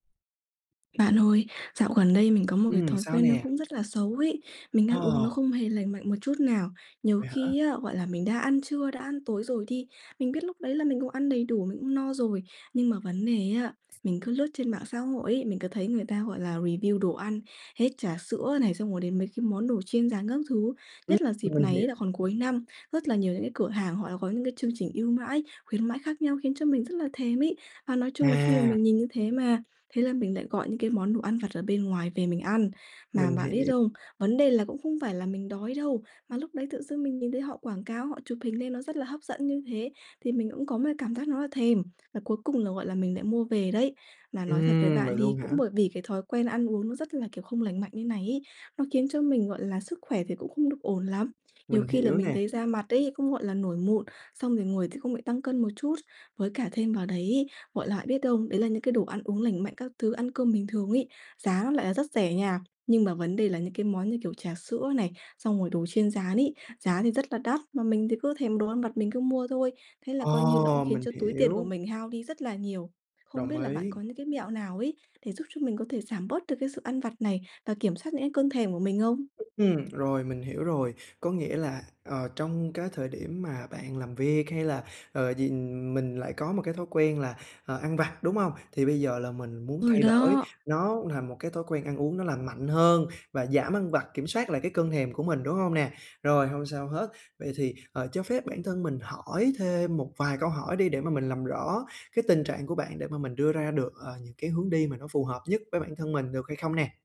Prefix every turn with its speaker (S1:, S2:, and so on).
S1: Bạn ơi, dạo gần đây mình có một cái
S2: Ừm,
S1: thói
S2: sao
S1: quen nó
S2: nè?
S1: cũng rất là xấu ấy, mình ăn uống nó
S2: Ờ.
S1: không hề lành mạnh một chút nào. Nhiều
S2: Vậy hả?
S1: khi á, gọi là, mình đã ăn trưa, đã ăn tối rồi đi, mình biết lúc đấy là mình cũng ăn đầy đủ, mình cũng no rồi. Nhưng mà vấn đề á, mình cứ lướt trên mạng xã hội ấy, mình cứ thấy người ta, gọi là, review đồ ăn, hết trả sữa này, xong rồi đến mấy cái món đồ chiên rán các thứ,
S2: Ừm,
S1: nhất là dịp
S2: mình
S1: này
S2: hiểu.
S1: á là còn cuối năm, rất là nhiều những cái cửa hàng họ đã có những cái chương trình ưu mãi, khuyến mãi khác nhau khiến cho mình là thèm ấy. Và nói chung là khi mà
S2: À.
S1: mình nhìn như thế mà, thế là mình lại gọi những cái món đồ ăn vặt ở bên ngoài về mình ăn. Mà
S2: Mình
S1: bạn biết
S2: hiể
S1: không? Vấn đề là cũng không phải là mình đói đâu, mà lúc đấy tự dưng mình nhìn thấy họ quảng cáo, họ chụp hình lên nó rất là hấp dẫn như thế thì mình cũng có một cảm giác nó là thèm, và cuối cùng là, gọi là, mình lại mua về đấy. Là nói thật với
S2: Ừm, vậy
S1: bạn thì
S2: luôn
S1: cũng
S2: hả?
S1: bởi vì cái thói quen ăn uống nó rất là, kiểu, không lành mạnh như này ấy, nó khiến cho mình, gọi là, sức khỏe thì cũng không được ổn lắm. Nhiều
S2: Mình
S1: khi là
S2: hiểu
S1: mình
S2: nè.
S1: thấy da mặt ấy, cũng, gọi là, nổi mụn, xong rồi ngồi th không lại tăng cân một chút. Với cả thêm vào đấy, gọi là, biết không, đấy là những cái đồ ăn uống lành mạnh các thứ, ăn cơm bình thường ấy, giá nó lại là rất rẻ nha, nhưng mà vấn đề là những cái món như kiểu trà sữa này, xong rồi đồ chiên rán ấy, giá thì rất là đắt. Mà mình thì cứ thèm đồ ăn vặt mình cứ mua thôi, thế là coi như nó cũng
S2: Ờ,
S1: khiến
S2: mình
S1: cho túi tiền của
S2: hiểu.
S1: mình hao đi rất là nhiều. Không
S2: Đồng
S1: biết là bạn
S2: ý.
S1: có những cái mẹo nào ấy để giúp cho mình có thể giảm bớt được cái sự ăn vặt này và kiểm soát những cái cơn thèm của mình không?
S2: Ừm, rồi mình hiểu rồi. Có nghĩa là, ờ, trong cái thời điểm mà bạn làm việc, hay là, ờ, gì mình lại có một cái thói quen là, ờ, ăn vặt, đúng hông? Thì bây giờ là mình muốn
S1: Ừ,
S2: thay đổi
S1: đó.
S2: nó thành một cái thói quen ăn uống nó lành mạnh hơn và giảm ăn vặt, kiểm soát lại cái cơn thèm của mình, đúng hông nè? Rồi, hông sao hết. Vậy thì, ờ, cho phép bản thân mình hỏi thêm một vài câu hỏi đi để mà mình làm rõ cái tình trạng của bạn để mà mình đưa ra được, ờ, những cái hướng đi mà nó phù hợp nhất với bản thân mình, được hay không nè?